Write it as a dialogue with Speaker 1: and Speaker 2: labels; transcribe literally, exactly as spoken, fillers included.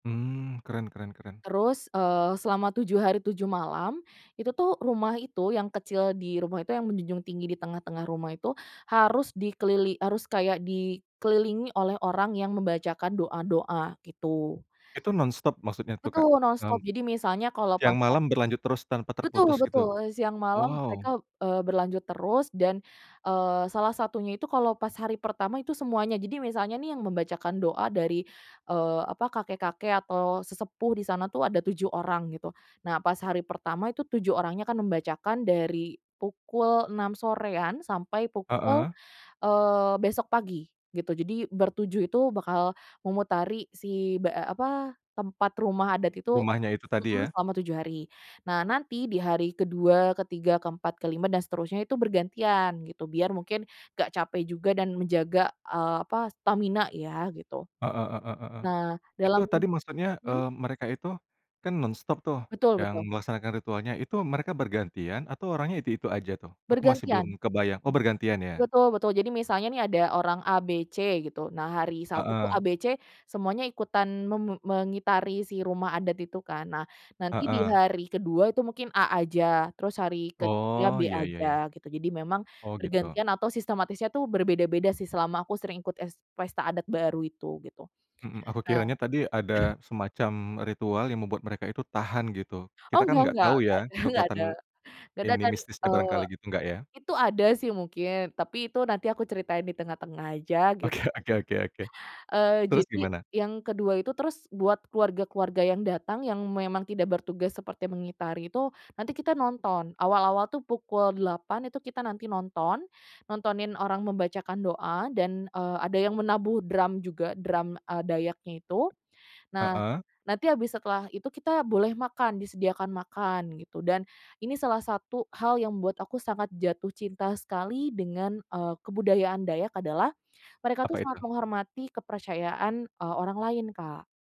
Speaker 1: Mmm, keren keren keren.
Speaker 2: Terus, eee, selama tujuh hari, tujuh malam, itu tuh rumah itu yang kecil di rumah itu yang menjunjung tinggi di tengah-tengah rumah itu, harus dikelili harus kayak di kelilingi oleh orang yang membacakan doa-doa, gitu.
Speaker 1: Itu nonstop maksudnya tuh Kak?
Speaker 2: Betul nonstop,
Speaker 1: Mmm.
Speaker 2: jadi misalnya kalau pas
Speaker 1: Yang
Speaker 2: ha
Speaker 1: malam berlanjut terus tanpa
Speaker 2: Betul
Speaker 1: terputus gitu?
Speaker 2: betul, siang malam
Speaker 1: Wow.
Speaker 2: mereka, eee, berlanjut terus dan, eee, salah satunya itu kalau pas hari pertama itu semuanya jadi misalnya nih yang membacakan doa dari, eee, apa, kakek-kakek atau sesepuh di sana tuh ada tujuh orang gitu, nah pas hari pertama itu tujuh orangnya akan membacakan dari pukul enam sorean sampai pukul
Speaker 1: Heeh.
Speaker 2: eee, besok pagi gitu, jadi bertujuh itu bakal memutari si tempat be a apa tempat rumah adat itu
Speaker 1: Rumahnya itu tadi
Speaker 2: mhm,
Speaker 1: ya.
Speaker 2: selama tujuh hari. Nah nanti di hari kedua, ketiga, keempat, kelima dan seterusnya itu bergantian gitu biar mungkin gak capek juga dan menjaga, eee, apa stamina ya gitu.
Speaker 1: Heeh heeh heeh.
Speaker 2: Nah
Speaker 1: Itu
Speaker 2: dalam
Speaker 1: tadi maksudnya,
Speaker 2: mhm?
Speaker 1: eee, mereka itu kan nonstop tuh
Speaker 2: Betul
Speaker 1: yang
Speaker 2: betul.
Speaker 1: melaksanakan ritualnya, itu mereka bergantian atau orangnya itu-itu aja tuh? Aku masih belum
Speaker 2: Bergantian.
Speaker 1: kebayang. Oh bergantian ya.
Speaker 2: Betul betul jadi misalnya nih ada orang A, B, C gitu nah hari Sabtu tuh A,
Speaker 1: Heeh.
Speaker 2: B, C semuanya ikutan me me mengitari si rumah adat itu kan, nah nanti di
Speaker 1: Heeh.
Speaker 2: hari kedua itu mungkin A aja, terus hari ketiga B
Speaker 1: Oh ya ya
Speaker 2: aja,
Speaker 1: ya.
Speaker 2: gitu jadi memang
Speaker 1: Oh gitu.
Speaker 2: bergantian atau sistematisnya tuh berbeda-beda sih selama aku sering ikut es pesta adat baru itu gitu.
Speaker 1: Mhm, aku
Speaker 2: Nah
Speaker 1: kiranya tadi ada semacam ritual yang membuat mereka itu tahan gitu. Kita
Speaker 2: Oh
Speaker 1: kan
Speaker 2: nggak
Speaker 1: enggak
Speaker 2: nggak,
Speaker 1: tahu
Speaker 2: nggak
Speaker 1: ya
Speaker 2: ada nggak ada.
Speaker 1: kekuatan
Speaker 2: Nggak ada
Speaker 1: ini
Speaker 2: kan,
Speaker 1: mistisnya
Speaker 2: eee
Speaker 1: barangkali gitu, enggak ya?
Speaker 2: itu ada sih mungkin, tapi itu nanti aku ceritain di tengah-tengah aja gitu
Speaker 1: Oke
Speaker 2: kan.
Speaker 1: oke oke oke,
Speaker 2: Eee,
Speaker 1: terus
Speaker 2: jadi
Speaker 1: gimana?
Speaker 2: yang kedua itu, terus buat keluarga-keluarga yang datang yang memang tidak bertugas seperti mengitari itu, nanti kita nonton. Awal-awal tuh pukul delapan itu kita nanti nonton, nontonin orang membaca doa dan, eee, ada yang menabuh drum juga, drum, eee, Dayaknya itu. Nah,
Speaker 1: Heeh.
Speaker 2: nanti habis setelah itu kita boleh makan, disediakan makan gitu. Dan ini salah satu hal yang membuat aku sangat jatuh cinta sekali dengan, eee, kebudayaan Dayak adalah mereka
Speaker 1: Apa
Speaker 2: tuh
Speaker 1: itu?
Speaker 2: sangat menghormati kepercayaan, eee, orang lain, Kak.